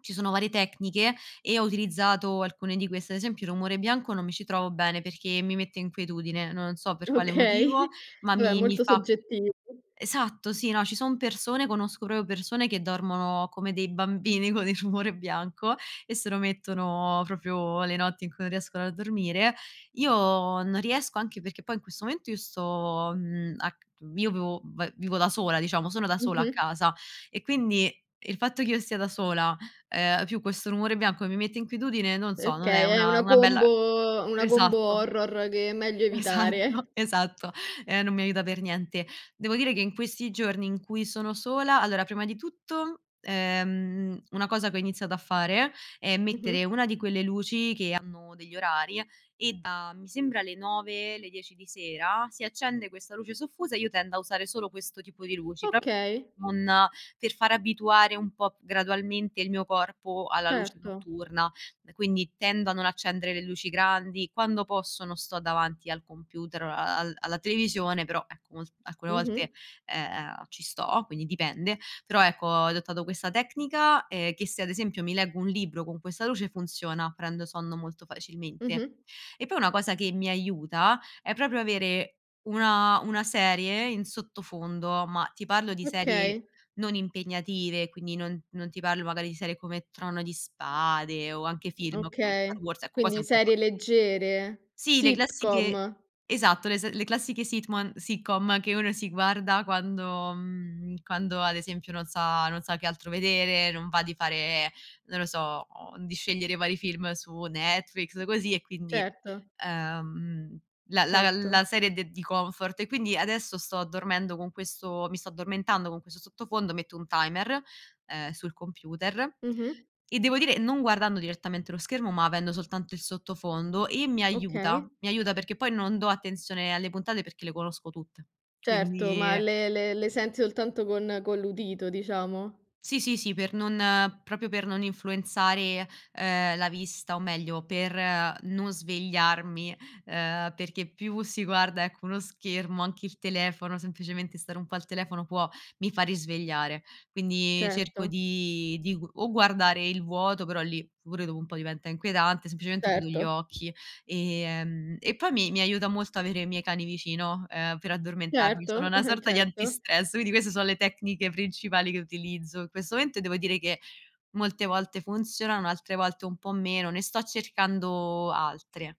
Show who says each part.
Speaker 1: Ci sono varie tecniche e ho utilizzato alcune di queste. Ad esempio il rumore bianco non mi ci trovo bene perché mi mette inquietudine, non so per quale motivo,
Speaker 2: Okay,
Speaker 1: ma
Speaker 2: vabbè
Speaker 1: mi mi
Speaker 2: molto
Speaker 1: fa
Speaker 2: soggettivo.
Speaker 1: esatto, sì, no, ci sono persone conosco proprio persone che dormono come dei bambini con il rumore bianco e se lo mettono proprio le notti in cui non riescono a dormire. Io non riesco, anche perché poi in questo momento io sto, mhmm, a c io vio va vivo da sola, diciamo, sono da sola a
Speaker 2: Mh-mh.
Speaker 1: casa e quindi il fatto che io stia da sola, ehm, più questo rumore bianco che mi mette inquietudine, non so, non è
Speaker 2: Okay è
Speaker 1: una
Speaker 2: una
Speaker 1: una bella
Speaker 2: combo una combo
Speaker 1: esatto.
Speaker 2: horror che è meglio evitare.
Speaker 1: Esatto, esatto, e non mi aiuta per niente. Devo dire che in questi giorni in cui sono sola allora prima di tutto, ehm, una cosa che ho iniziato a fare, è mettere
Speaker 2: Mh-mh.
Speaker 1: una di quelle luci che hanno degli orari e da mi sembra le 9:00, le 10:00 di sera si accende questa luce soffusa e io tendo a usare solo questo tipo di luci pro
Speaker 2: Okay.
Speaker 1: non per far abituare un po' gradualmente il mio corpo alla luce
Speaker 2: Certo.
Speaker 1: notturna, quindi tendo a non accendere le luci grandi, quando posso non sto davanti al computer o al al alla televisione, però ecco molt alcune
Speaker 2: Mh-mh.
Speaker 1: volte, ehm, ci sto, quindi dipende, però ecco ho adottato questa tecnica, ehm, che se ad esempio mi leggo un libro con questa luce, funziona, prendo sonno molto facilmente.
Speaker 2: Mh-mh.
Speaker 1: E poi una cosa che mi aiuta, è proprio avere una una serie in sottofondo, ma ti parlo di serie
Speaker 2: Okay.
Speaker 1: non impegnative, quindi non non ti parlo magari di serie come Trono di Spade o anche film come Star
Speaker 2: Okay,
Speaker 1: Wars, ecco quasi è
Speaker 2: quindi
Speaker 1: un po'
Speaker 2: serie
Speaker 1: troppo.
Speaker 2: leggere?
Speaker 1: Sì, le classiche
Speaker 2: Sitcom?
Speaker 1: esatto, le s le classiche sitman sitcom che uno si guarda quando mhmm, quando ad esempio non sa non sa che altro vedere, non va di fare, non lo so, di scegliere vari film su Netflix così e quindi
Speaker 2: Certo.
Speaker 1: ehm, la la la la
Speaker 2: Certo.
Speaker 1: serie de di comfort e quindi adesso sto dormendo con questo mi sto addormentando con questo sottofondo, metto un timer, ehm, sul computer,
Speaker 2: Mh-mh.
Speaker 1: e devo dire, non guardando direttamente lo schermo, ma avendo soltanto il sottofondo e mi
Speaker 2: Okay.
Speaker 1: aiuta. Mi aiuta perché poi non do attenzione alle puntate perché le conosco tutte,
Speaker 2: Certo, ma
Speaker 1: quindi
Speaker 2: le le le senti soltanto con con l'udito, diciamo?
Speaker 1: Sì, sì, sì, per non proprio per non influenzare, ehm, la vista o meglio per non svegliarmi, ehm, perché più si guarda ecco uno schermo, anche il telefono, semplicemente stare un po' al telefono può mi fa risvegliare. Quindi cerco
Speaker 2: Certo.
Speaker 1: di di o guardare il vuoto, però lì pure dopo un po' diventa inquietante, semplicemente chiudo
Speaker 2: Certo.
Speaker 1: gli occhi, ehm, e poi mi mi aiuta molto avere i miei cani vicino, ehm, per addormentarmi. Sono
Speaker 2: Certo,
Speaker 1: una sorta di
Speaker 2: certo.
Speaker 1: antistress, quindi queste so le tecniche principali che utilizzo in questo momento e devo dire che molte volte funzionano, altre volte un po' meno. Ne sto cercando altre.